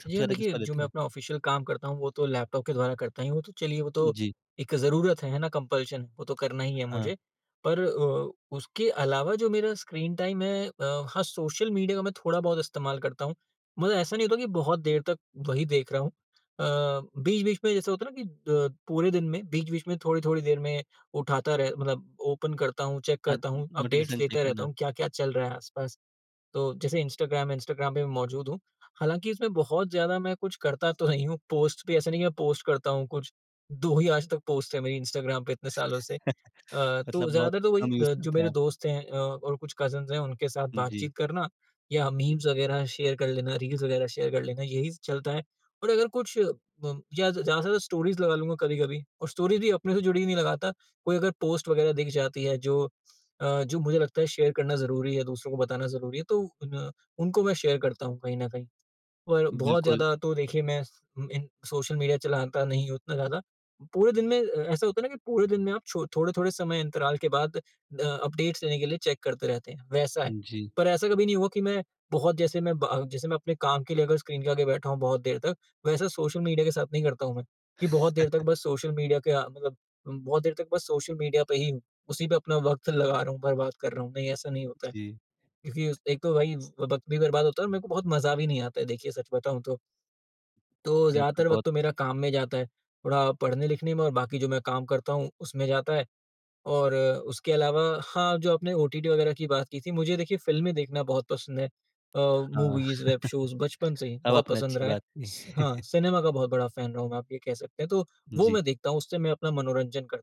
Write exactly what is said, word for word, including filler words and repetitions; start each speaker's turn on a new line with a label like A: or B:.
A: सबसे
B: जी हाँ,
A: ज़्यादा किस
B: देखिए,
A: पर
B: जो
A: देते
B: मैं
A: हैं?
B: अपना ऑफिशियल काम करता हूँ, वो तो लैपटॉप के द्वारा करता ही हूँ। तो चलिए, वो तो
A: जी।
B: एक ज़रूरत है, है ना, कम्पल्शन, वो तो करना ही है
A: हाँ।
B: मुझे। पर अ, उसके अलावा जो मेरा स्क्रीन टाइम है अ, हाँ, सोशल मीडिया मैं थोड़ा बहुत इस्तेमाल करता हूँ। मतलब ऐसा नहीं होता कि बहुत देर तक वही देख रहा हूँ। अ, बीच-बीच में जैसे होता है ना कि अ, पूरे दिन में बीच-बीच में थोड़ी-थोड़ी देर में उठाता रह मतलब ओपन करता हूँ, चेक
A: अ,
B: करता हूँ, अपडेट्स
A: नोटिफ़िकेशन चेक
B: लेते रहता
A: करना।
B: हूँ, क्या-क्या चल रहा है आस-पास। तो जैसे इंस्टाग्राम, इंस्टाग्राम पे मै मौजूद हूँ। हालाँकि, इसमें बहुत ज़्यादा मैं कुछ करता तो नहीं हूँ। पोस्ट भी ऐसा नहीं है कि मैं पोस्ट करता हूँ कुछ, दो ही आज तक पोस्ट हैं मेरी इंस्टाग्राम पे इतने सालों से। अ, तो
A: मतलब बहुत
B: ज़्यादातर तो वही
A: कम यूज़
B: ब जो
A: करते हैं
B: मेरे
A: आप?
B: दोस्त हैं अ, और कुछ कज़िन्स हैं, उनके साथ
A: जी।
B: बातचीत करना या मीम्स वगैरह शेयर कर लेना, रील्स वगैरह शेयर कर लेना, यही चलता है। और अगर कुछ मम या ज़ ज़्यादा से ज़्यादा स्टोरीज़ लगा लूँगा कभी-कभी और स्टोरीज़ भी अपने से जुड़ी नहीं लगाता। कोई अगर पोस्ट वगैरह दिख जाती है, जो अ, जो मुझे लगता है शेयर करना ज़रूरी है, दूसरों को बताना ज़रूरी है, तो उन उनको मैं शेयर करता हूँ कहीं ना कहीं, और बहुत
A: बिल्कुल।
B: ज़्यादा तो देखिए मैं स अ, इन सोशल मीडिया चलाता नहीं हूँ उतना ज़्यादा। पूरे दिन में अ, ऐसा होता है ना कि पूरे दिन में आप छो थोड़े-थोड़े समय अंतराल के बाद अ अपडेट्स लेने के लिए चेक करते रहते हैं, वैसा है।
A: जी
B: पर ऐसा कभी नहीं हुआ कि मैं बहुत जैसे मैं ब जैसे मैं अपने काम के लिए अगर स्क्रीन के आगे बैठा हूँ बहुत देर तक, वैसा सोशल मीडिया के साथ नहीं करता हूँ मैं, कि बहुत देर तक बस सोशल मीडिया के आ मतलब बहुत देर तक बस सोशल मीडिया पे ही हूँ। उसी पे अपना वक़्त लगा रहा हूँ, बर्बाद कर रहा हूँ। नहीं, ऐसा नहीं होता है।
A: जी।
B: क्योंकि उस एक तो वही व वक़्त भी बर्बाद होता है और मेरे को बहुत मज़ा भी नहीं आता है, देखिए, सच बताऊँ तो। तो
A: ये आपने
B: ज़्यादातर वक़्त
A: बहुत
B: तो मेरा काम में जाता है। थोड़ा पढ़ने-लिखने में और बाकी जो मैं काम करता हूँ, उसमें जाता है और उसके अलावा हाँ, जो आपने ओटीटी वगैरह की बात की थी, मुझे देखिए फ़िल्में देखना बहुत पसंद है। अ,
A: हाँ,
B: मूवीज़, वेब शोज़ बचपन से ही
A: अब
B: बहुत
A: आपने
B: पसंद
A: अच्छी
B: रहा है,
A: बात की।
B: स हाँ, सिनेमा का बहुत बड़ा फ़ैन रहा हूँ मैं, आप ये कह सकते हैं। तो वो
A: जी।
B: मैं देखता हूँ, उससे मैं अपना मनोरंजन करता हूँ।